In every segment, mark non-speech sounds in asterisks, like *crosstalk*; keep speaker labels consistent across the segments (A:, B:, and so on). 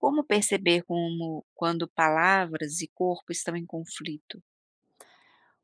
A: Como perceber como quando palavras e corpo estão em conflito?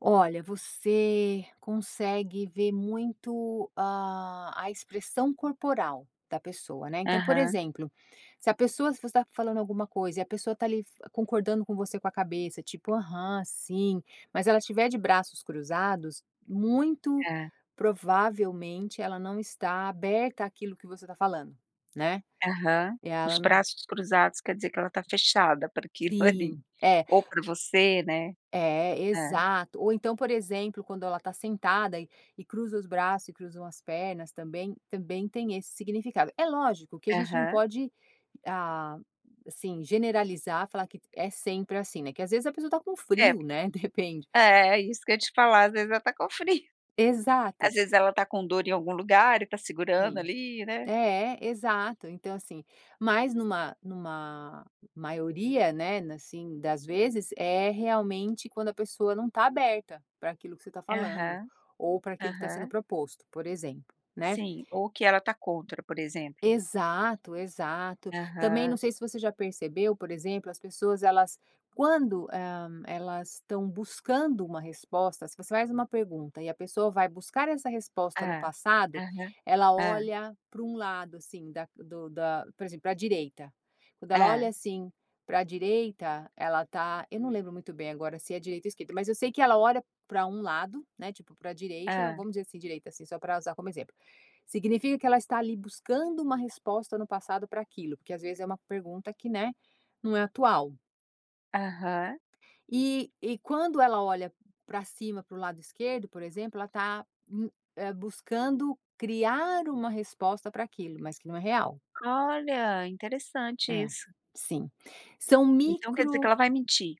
B: Olha, você consegue ver muito a a expressão corporal da pessoa, né. Então, por
A: Aham.
B: exemplo, se a pessoa se você tá falando alguma coisa e a pessoa tá ali f concordando com você com a cabeça, tipo, aham, sim, mas ela estiver de braços cruzados, muito
A: É.
B: provavelmente ela não está aberta àquilo que você está falando, né.
A: Aham.
B: E
A: Os
B: ela não
A: braços cruzados quer dizer que ela está fechada para aquilo ali,
B: Sim, é.
A: ou para você, né.
B: É é
A: É.
B: exato, ou então por exemplo quando ela tá sentada e e cruza os braços e cruzam as pernas também, também tem esse significado. É lógico que a gente não
A: Aham.
B: pode a assim generalizar, falar que é sempre assim, né, que às vezes a pessoa está com
A: É.
B: frio, né, de repente.
A: É é isso que eu ia te falar às vezes ela tá com frio.
B: Exato.
A: Às vezes ela tá com dor em algum lugar e tá segurando
B: Sim,
A: ali né.
B: é é exato então assim, mas numa numa maioria, né, assim, das vezes é realmente quando a pessoa não tá aberta para aquilo que você tá falando,
A: Aham
B: ou para aquilo que tá sendo
A: aham.
B: proposto, por exemplo, né.
A: Sim, ou que ela está contra, por exemplo.
B: Exato exato. Também não
A: Aham.
B: sei se você já percebeu por exemplo as pessoas elas, quando, hum, elas estão buscando uma resposta, se você faz uma pergunta e a pessoa vai buscar essa resposta no
A: Hã,
B: passado,
A: aham,
B: ela
A: hã.
B: olha para um lado, assim, da do da, por exemplo, para a direita. Quando ela olha,
A: É.
B: assim, para a direita, ela tá, eu não lembro muito bem agora se é direita ou esquerda, mas eu sei que ela olha para um lado, né, tipo para a direita,
A: Hã.
B: vamos dizer assim direita assim, só pra usar como exemplo. Significa que ela está ali buscando uma resposta no passado para aquilo, porque às vezes é uma pergunta que né, não é atual.
A: Aham.
B: E e quando ela olha pra cima pro lado esquerdo por exemplo ela tá u buscando criar uma resposta pra aquilo, mas que não é real.
A: Olha interessante
B: É,
A: isso!
B: sim. São
A: Então quer dizer que
B: micro
A: ela vai mentir?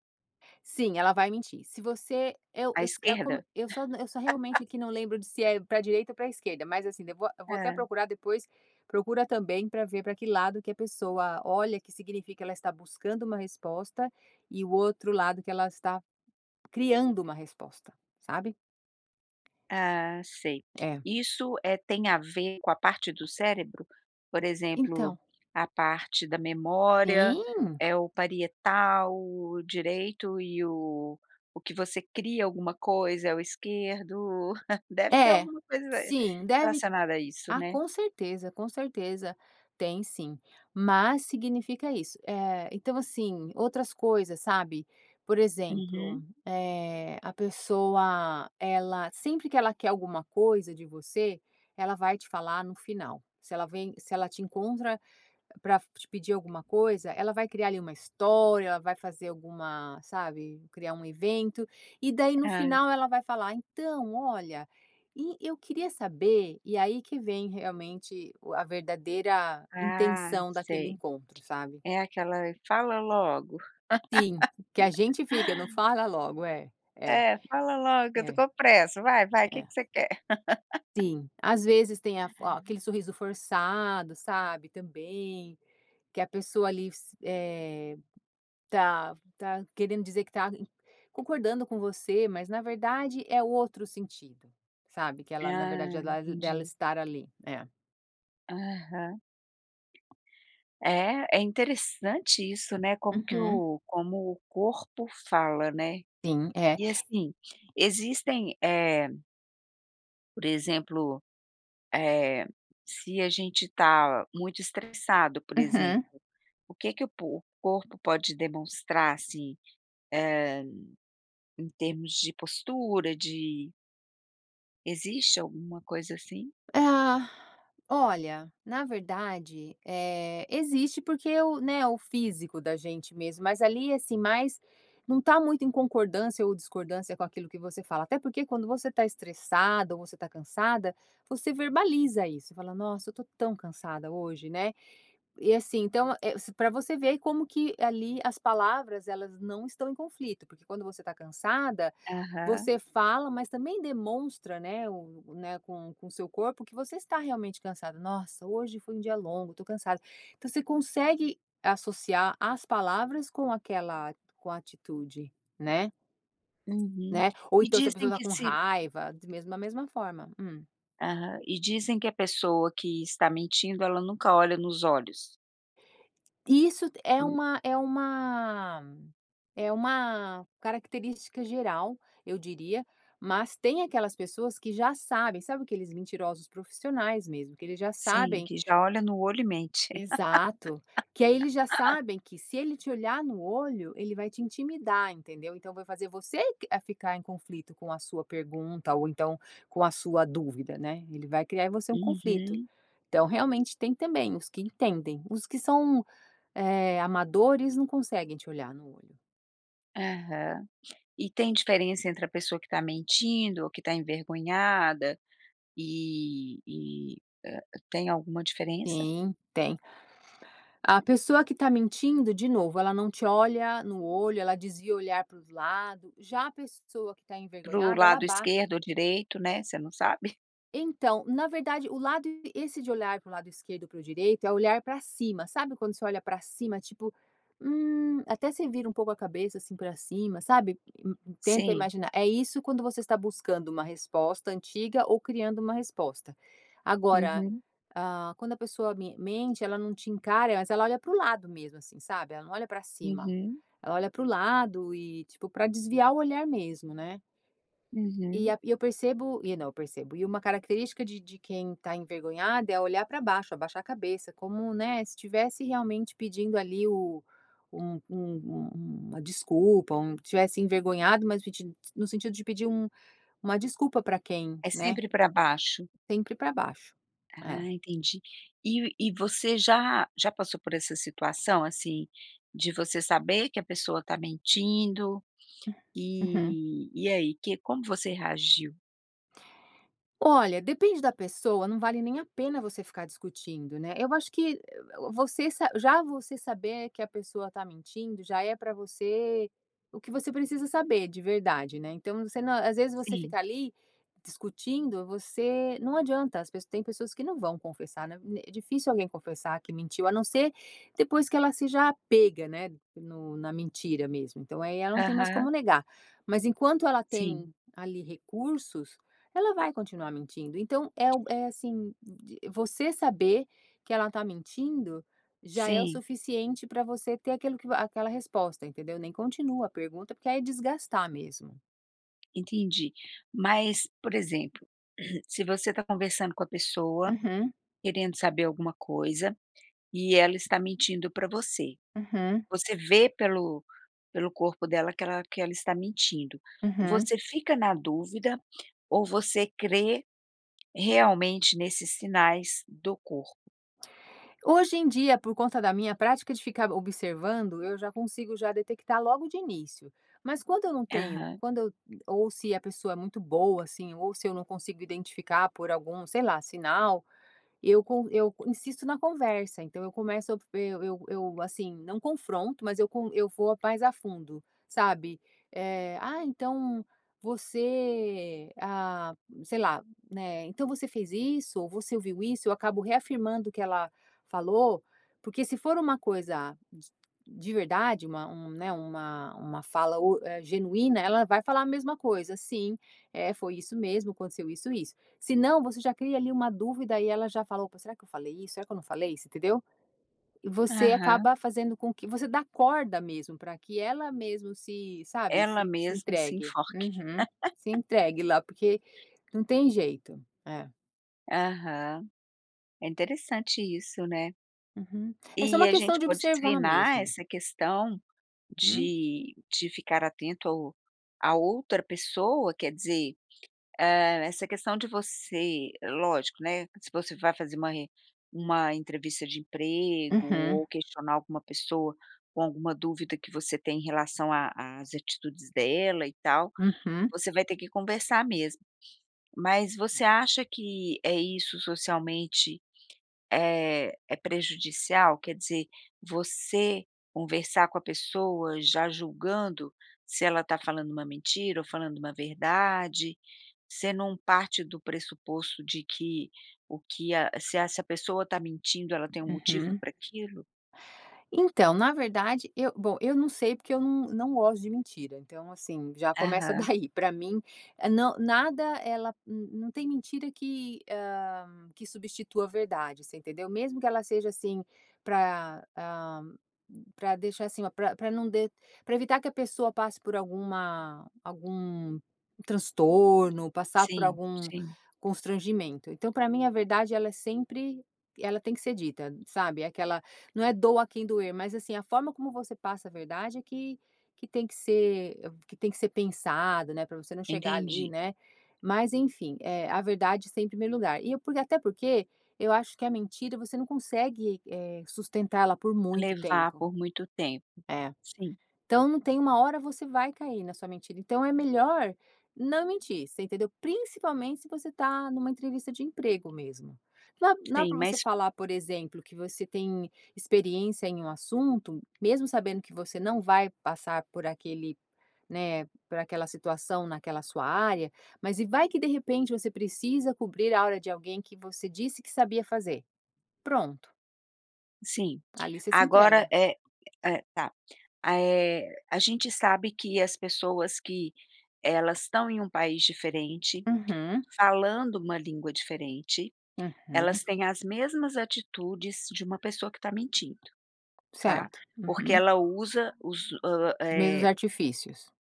B: Sim, ela vai mentir. Se você eu
A: A
B: se eu como
A: esquerda?
B: eu só eu só realmente aqui não lembro de se
A: *laughs*
B: é pra direita ou pra esquerda, mas assim depo a eu vou até
A: É.
B: procurar depois, procura também pra ver pra que lado que a pessoa olha que significa ela está buscando uma resposta, e o outro lado que ela está, criando uma resposta, sabe?
A: Ah, sei,
B: É.
A: e isso, eh, tem a ver com a parte do cérebro, por exemplo,
B: Então
A: a parte da memória,
B: Sim!
A: é o parietal, direito e o o que você cria alguma coisa é o esquerdo, *chuckles* deve ter
B: É,
A: alguma coisa
B: sim, deve
A: relacionada a isso
B: ah,
A: né?
B: com certeza, com certeza tem sim, mas significa isso. Eh, então, assim, outras coisas, sabe? Por exemplo,
A: Uhum.
B: eh, a pessoa ela sempre que ela quer alguma coisa de você, ela vai te falar no final. Se ela vem, se ela te encontra pra te pedir alguma coisa, ela vai criar ali uma história, ela vai fazer alguma sabe, criar um evento. E daí no
A: Ah.
B: final ela vai falar: "Então olha, eu queria saber", e aí que vem realmente o a verdadeira
A: Ah,
B: intenção daquele
A: sei.
B: encontro, sabe?
A: É aquela, fala logo.
B: Sim, que a gente fica não fala logo é, é
A: É, fala logo que eu estou
B: é,
A: com pressa vai vai que
B: é.
A: que você quer? *laughs*
B: Sim, às vezes tem a f aquele sorriso forçado, sabe, também, que a pessoa ali se eh, tá tá querendo dizer que tá concordando com você, mas na verdade é outro sentido, sabe, que ela na verdade
A: Ah,
B: ela dela
A: entendi.
B: estar ali, é.
A: Aham. É, é interessante isso né, como que
B: Uhum.
A: o como o corpo fala, né?
B: Sim, eh
A: E assim, existem, eh por exemplo, eh, se a gente tá muito estressado, por
B: Aham.
A: exemplo, o que que o po o corpo pode demonstrar, assim, eh, em termos de postura, de Existe alguma coisa assim?
B: Ah, *sighs* olha, na verdade, eh, existe porque o né, o físico da gente mesmo, mas ali assim mais, não está muito em concordância ou discordância com aquilo que você fala até porque quando você está estressada ou você tá cansada, você verbaliza isso, fala: "Nossa eu estou tão cansada hoje", né, e assim então, eh, se pra você ver que como que ali as palavras elas não estão em conflito, porque quando você está cansada,
A: Aham.
B: você fala, mas também demonstra né, o né com com seu corpo que você está realmente cansada. "Nossa hoje foi dia longo, tô cansada". Então você consegue associar as palavras com aquela com atitude, né?
A: Uhum,
B: Né, ou
A: e
B: então se a pessoa
A: dizem
B: está
A: que
B: com
A: se
B: raiva de mesmo a mesma forma, hum.
A: Aham. E dizem que a pessoa que está mentindo ela nunca olha nos olhos.
B: Isso t é
A: Hum.
B: uma é uma é uma característica geral, eu diria, mas tem aquelas pessoas que já sabem, sabe aqueles mentirosos profissionais mesmo, que eles já
A: Sim,
B: sabem
A: que já olha no olho e mente.
B: Exato, que aí eles já
A: *laughs*
B: sabem, que se ele te olhar no olho ele vai te intimidar, entendeu? Então vai fazer você q a ficar em conflito com a sua pergunta ou então com a sua dúvida, né. Ele vai criar em você um conflito.
A: Uhum.
B: Então realmente tem também os que entendem, os que são, eh, amadores não conseguem te olhar no olho.
A: Aham. E tem diferença entre a pessoa que tá mentindo ou que tá envergonhada e e, ah. Tem alguma diferença?
B: Sim, tem. A pessoa que está mentindo de novo, ela não te olha no olho, ela desvia o olhar para os lado. Já a pessoa que está
A: Para o
B: envergonhada ela
A: lado
B: abaixa
A: esquerdo ou direito né, você não sabe?
B: então, na verdade o lado, esse de olhar para o lado esquerdo e para o direito é olhar pra cima, sabe quando você olha pra cima tipo, hum, até você vira um pouco a cabeça, assim, pra cima, sabe tenta
A: Sim.
B: imaginar. É isso quando você está buscando uma resposta, antiga ou criando uma resposta. Agora,
A: Uhum.
B: hã, quando a pessoa me mente ela não te encara, mas ela olha para o lado mesmo, assim, sabe? Ela não olha pra cima.
A: Uhum.
B: Ela olha para o lado e, tipo, pra desviar o olhar mesmo, né. E
A: Uhum.
B: a e eu percebo e não eu percebo e uma característica de de quem está envergonhada é olhar pra baixo, abaixar a cabeça como, né, se tivesse realmente pedindo ali o um um um uma desculpa, um tivesse envergonhado, mas pedin no sentido de pedir um uma desculpa pra quem,
A: É
B: né.
A: sempre pra baixo.
B: Sempre pra baixo. É.
A: Ah entendi. E e você já já passou por essa situação, assim, de você saber que a pessoa tá mentindo,
B: Hum. Uhum.
A: e e aí, que como você reagiu?
B: Olha, depende da pessoa não vale nem a pena você ficar discutindo, né. Eu acho que você sa já você saber que a pessoa tá mentindo, já é pra você, o que você precisa saber de verdade né, então você na às vezes você
A: Sim.
B: ficar ali discutindo, você não adianta as tem pessoas que não vão confessar né, é difícil alguém confessar que mentiu, a não ser depois que ela seja pega né, no na mentira mesmo, então aí ela não tem mais
A: Aham.
B: como negar, mas enquanto ela
A: Sim.
B: tem ali recursos, ela vai continuar mentindo, então é o é assim de você saber que ela tá mentindo, já é o
A: Sim.
B: suficiente pra você ter aquilo que aquela resposta entendeu? Nem continua a pergunta, porque aí é desgastar mesmo.
A: Entendi, mas por exemplo, *clears throat* se você tá conversando com a pessoa,
B: Uhum.
A: querendo saber alguma coisa, e ela está mentindo pra você,
B: Uhum.
A: você vê pelo pelo corpo dela, que ela que ela está mentindo,
B: Uhum.
A: você fica na dúvida ou você crê realmente nesses sinais do corpo?
B: Hoje em dia por conta da minha prática de ficar observando, eu já consigo já detectar logo de início, mas quando eu não tenho
A: Aham.
B: quando eu, ou se a pessoa é muito boa assim, ou se eu não consigo identificar por algum, sei lá, sinal, eu con eu insisto na conversa, então eu começo eu eu eu assim, não confronto, mas eu con eu vou mais a fundo sabe, eh, "Ah então você ah", sei lá né, "Então você fez isso, ou você ouviu isso?" Eu acabo reafirmando o que ela falou, porque se for uma coisa d de verdade, uma um né, uma uma fala u eh, genuína, ela vai falar a mesma coisa, sim é foi isso mesmo, aconteceu isso isso. Se não você já cria ali uma dúvida e ela já fala, opa será que eu falei isso, será que eu não falei? Você entendeu? Você
A: Aham.
B: acaba fazendo com que você dá corda mesmo pra que ela mesmo se, sabe,
A: Ela
B: se se
A: mesmo se
B: entregue.
A: enforque.
B: Uhum, se
A: *laughs*
B: entregue lá, porque não tem jeito. É.
A: Aham, é interessante isso né.
B: Uhum, é só
A: E
B: uma
A: a
B: questão
A: gente
B: de
A: pode
B: observar
A: treinar
B: mesmo.
A: essa questão
B: Hum.
A: de de ficar atento ao a outra pessoa, quer dizer, ah, essa questão de você lógico, né, se você vai fazer uma en uma entrevista de emprego
B: Uhum.
A: ou questionar alguma pessoa, com alguma dúvida que você tem, em relação a as atitudes dela e tal,
B: Uhum.
A: você vai ter que conversar mesmo. Mas você acha que, eh, isso socialmente é é prejudicial? Quer dizer, você conversar com a pessoa, já julgando, se ela tá falando uma mentira ou falando uma verdade, você não parte do pressuposto de que, o que a se essa pessoa tá mentindo, ela tem motivo
B: Uhum.
A: pra aquilo?
B: Então, na verdade eu bom eu não sei porque eu num não gosto de mentira então, assim, já começa
A: Aham.
B: daí, pra mim é não, nada ela, não tem mentira que ah, que substitua a verdade, você entendeu? Mesmo que ela seja assim, pra hã, pra deixar assim, pra pra não de pra evitar que a pessoa passe por alguma algum transtorno, passar por
A: Sim,
B: algum
A: sim.
B: constrangimento, então pra mim a verdade ela é sempre, ela tem que ser dita sabe, é aquela, não é doa a quem doer mas assim, a forma como você passa a verdade é que que tem que ser que tem que ser pensado né, pra você não chegar ali
A: Entendi.
B: né mas enfim, eh, a verdade está em primeiro lugar, e eu por, e até porque eu acho que a mentira, você não consegue eh, sustentar ela por muito
A: Levar
B: tempo.
A: por muito tempo,
B: É.
A: sim.
B: Então não tem uma hora você vai cair na sua mentira. Então é melhor não mentir, você entendeu? Principalmente se você tá numa entrevista de emprego mesmo. Não dá não dá
A: Tem
B: pra você
A: mas
B: falar por exemplo, que você tem experiência em um assunto, mesmo sabendo que você não vai passar por aquele, né, por aquela situação, naquela sua área, mas e vai que de repente você precisa cobrir a hora de alguém que você disse que sabia fazer, pronto.
A: Sim,
B: Ali você se
A: agora
B: entrega.
A: é é tá, eh, a gente sabe que as pessoas que elas estão em um país diferente,
B: Uhum.
A: falando uma língua diferente,
B: Uhum.
A: elas têm as mesmas atitudes de uma pessoa que tá mentindo, tá?
B: Certo.
A: Porque
B: Uhum.
A: ela usa os, ah,
B: Os mesmos
A: eh
B: artifícios.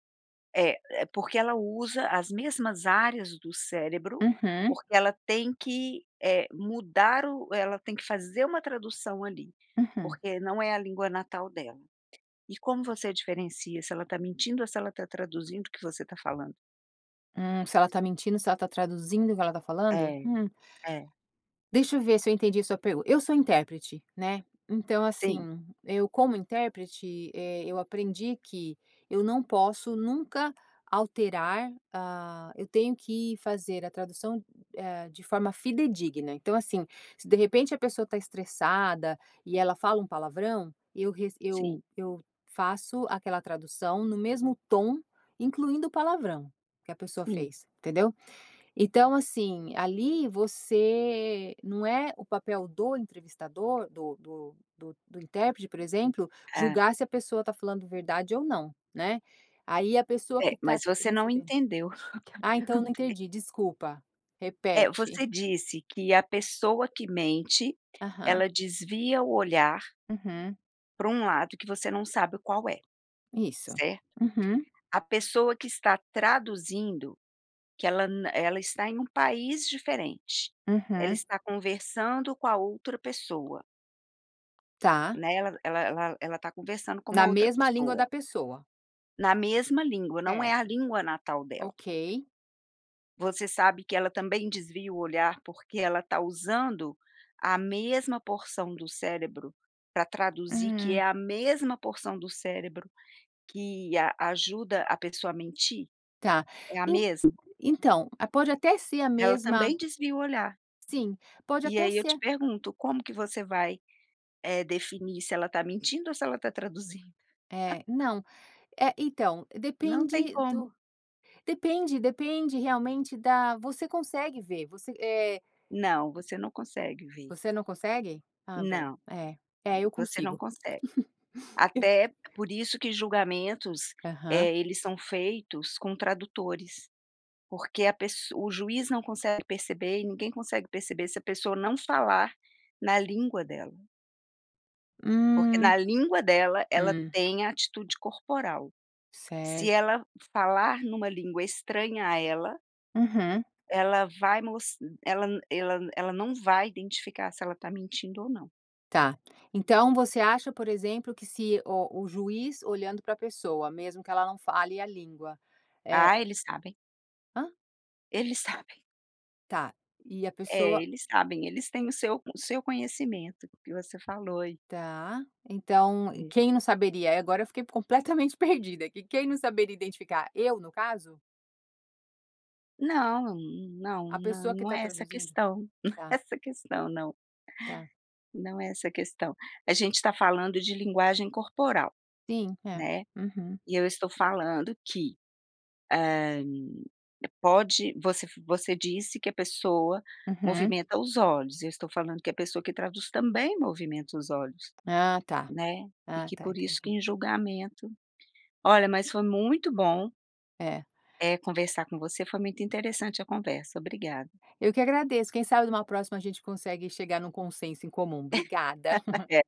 A: É, porque ela usa as mesmas áreas do cérebro,
B: Uhum.
A: porque ela tem que, eh, mudar, ela tem que fazer uma tradução ali,
B: Uhum.
A: porque não é a língua natal dela. E como você diferencia se ela tá mentindo ou se ela está traduzindo o que você está falando?
B: Hum se ela está mentindo, se ela está traduzindo, o que ela está falando?
A: É,
B: Hum.
A: é.
B: Deixa eu ver se eu entendi sua pergunta. Eu sou intérprete, né. Então
A: Sim.
B: assim, eu como intérprete, eh, eu aprendi que eu não posso nunca alterar, ah, eu tenho que fazer a tradução, eh, de forma fidedigna. Então, assim, se de repente a pessoa está estressada e ela fala um palavrão, eu re eu
A: Sim.
B: eu faço aquela tradução no mesmo tom, incluindo o palavrão, que a pessoa
A: Sim.
B: fez entendeu. Então, assim, ali você não é o papel do entrevistador do do do do intérprete, por exemplo,
A: É.
B: julgar se a pessoa está falando verdade ou não, né. Aí a pessoa
A: É
B: que tá
A: mas você não
B: recebendo
A: entendeu o que eu
B: Ah então não
A: perguntei.
B: entendi, desculpa,
A: É,
B: repete.
A: você disse que a pessoa que mente
B: Aham.
A: ela desvia o olhar
B: Uhum.
A: pra um lado que você não sabe o qual é,
B: Isso.
A: certo?
B: Uhum.
A: A pessoa que está traduzindo que ela na ela está em país diferente, ela
B: Aham.
A: está conversando com a outra pessoa.
B: Tá.
A: Né, ela ela ela está conversando com uma
B: Na
A: outra
B: mesma língua da
A: pessoa.
B: pessoa.
A: Na mesma língua, não é a
B: Certo.
A: língua natal dela.
B: Ok.
A: Você sabe que ela também desvia o olhar porque ela tá usando, a mesma porção do cérebro pra traduzir, que é
B: Hum.
A: a mesma porção do cérebro que a ajuda a pessoa a mentir?
B: Tá.
A: É a
B: En
A: mesma.
B: então, a pode até ser a
A: Ela
B: mesma
A: também desvia o olhar.
B: sim, pode
A: E
B: até
A: aí eu te
B: ser.
A: pergunto, como que você vai, eh, definir se ela tá mentindo ou se ela tá traduzindo?.
B: Eh,
A: *laughs*
B: não, eh, então,
A: Não tem
B: depende
A: como.
B: do depende depende realmente da você consegue ver. Você é.
A: Não, você não consegue ver.
B: Você não consegue? Ah bom,
A: Não,
B: é é eu
A: você não
B: consigo
A: consegue.
B: *chuckles* eu
A: Até por isso que julgamentos,
B: Aham.
A: eh, eles são feitos com tradutores, porque a pesso o juiz não consegue perceber e ninguém consegue perceber se a pessoa não falar na língua dela. Porque
B: Hum
A: na língua dela, ela
B: hum.
A: tem a atitude corporal. Se
B: Certo.
A: ela falar numa língua estranha a ela
B: Uhum.
A: ela vai mos ela n ela n ela não vai identificar se ela tá mentindo ou não.
B: Tá, então você acha por exemplo que se o o juiz olhando pra pessoa, mesmo que ela não fale a língua
A: Ah,
B: é
A: eles sabem eles sabem.
B: ham?
A: Eles sabem.
B: Tá, e a
A: É
B: pessoa
A: eles sabem, eles têm o seu o seu conhecimento, o que você falou e
B: Tá, então,
A: É.
B: quem não saberia e agora eu fiquei completamente perdida, que quem não saberia identificar, eu no caso?
A: Não não
B: A pessoa que
A: não
B: tá
A: é essa a
B: traduzindo?
A: questão não é
B: Tá.
A: essa questão, não,
B: Tá.
A: não é essa questão. A gente tá falando de linguagem corporal,
B: Sim, é,
A: né.
B: uhum.
A: E eu estou falando que, hã, pode, você você disse que a pessoa
B: Uhum.
A: movimenta os olhos, eu estou falando que a pessoa que traduz também movimenta os olhos,
B: Ah ta
A: né, e
B: ah
A: que
B: ta,
A: por isso que
B: entendi.
A: em julgamento, olha, mas foi muito bom
B: É.
A: eh, conversar com você, foi muito interessante a conversa, obrigada.
B: Eu que agradeço, quem sabe numa próxima a gente consegue chegar num consenso em comum, obrigada.
A: *laughs* É.